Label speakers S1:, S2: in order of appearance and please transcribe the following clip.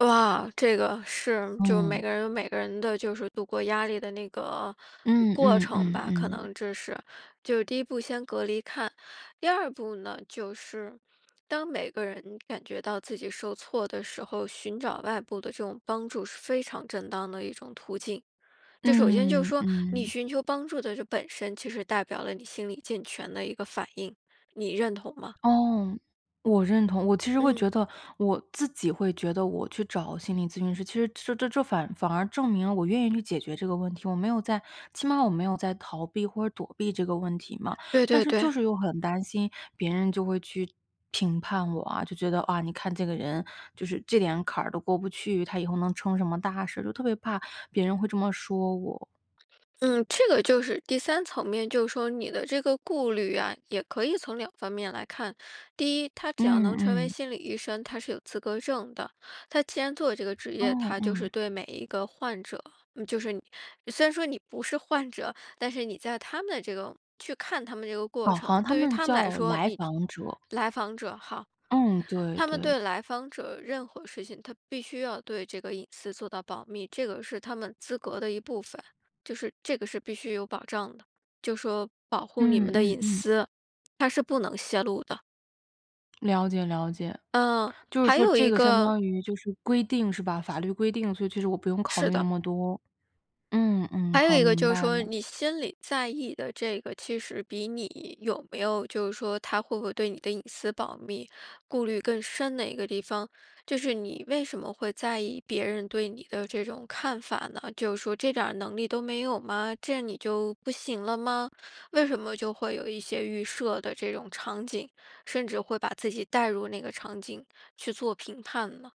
S1: 哇，这个是，就每
S2: 嗯。
S1: 个人有每个人的就是度过压力的那个
S2: 嗯
S1: 过
S2: 嗯
S1: 程
S2: 嗯
S1: 吧，可
S2: 嗯。
S1: 能这是就是第一步先隔离看，第二步呢，就是，当每个人感觉到自己受挫的时候，寻找外部的这种帮助是非常正当的一种途径。就首先就是
S2: 嗯，
S1: 说，你
S2: 嗯。
S1: 寻求帮助的这本身，其实代表了你心理健全的一个反应，你认同吗？
S2: 哦，我认同，我其实会
S1: 嗯。
S2: 觉得我自己会觉得我去找心理咨询师，其实这这这反而反而证明了我愿意去解决这个问题，我没有在起码我没有在逃避或者躲避这个问题嘛。
S1: 对
S2: 但
S1: 对
S2: 是
S1: 对。
S2: 就是又很担心别人就会去评判我啊，就觉得：“啊，你看这个人，就是这点坎儿都过不去，她以后能成什么大事”，就特别怕别人会这么说我。
S1: 嗯，这个就是第三层面就是说你的这个顾虑啊，也可以从两方面来看。第一，他只要能
S2: 嗯
S1: 成为
S2: 嗯。
S1: 心理医生，他是有资格证的，他既然做这个职业，
S2: 哦，
S1: 他就是
S2: 嗯。
S1: 对每一个患者就是你虽然说你不是患者，但是你在他们的这个去看他们这个过
S2: 哦，好
S1: 程，
S2: 像他
S1: 对于
S2: 们
S1: 他们来
S2: 叫
S1: 说，
S2: 来
S1: 你
S2: 访者。
S1: 来访者哈。
S2: 嗯，对
S1: 他们
S2: 对。
S1: 对来访者任何事情，他必须要对这个隐私做到保密。这个是他们资格的一部分，就是这个是必须有保障的，就说保护你
S2: 嗯
S1: 们的
S2: 嗯
S1: 隐
S2: 嗯。
S1: 私，他是不能泄露的。
S2: 了解了解，
S1: 嗯，
S2: 就是
S1: 还
S2: 说
S1: 有
S2: 这
S1: 一
S2: 个相
S1: 个
S2: 当于就是规定，是吧？法律规定，所以其实我不用考
S1: 是
S2: 虑那
S1: 的。
S2: 么多。嗯嗯，
S1: 还有
S2: 好，
S1: 一个
S2: 明
S1: 就是
S2: 白
S1: 说，
S2: 了。
S1: 你心里在意的这个，其实比你有没有就是说他会不会对你的隐私保密，顾虑更深的一个地方，就是你为什么会在意别人对你的这种看法呢？就是说这点儿能力都没有吗？这你就不行了吗？为什么就会有一些预设的这种场景，甚至会把自己带入那个场景去做评判呢？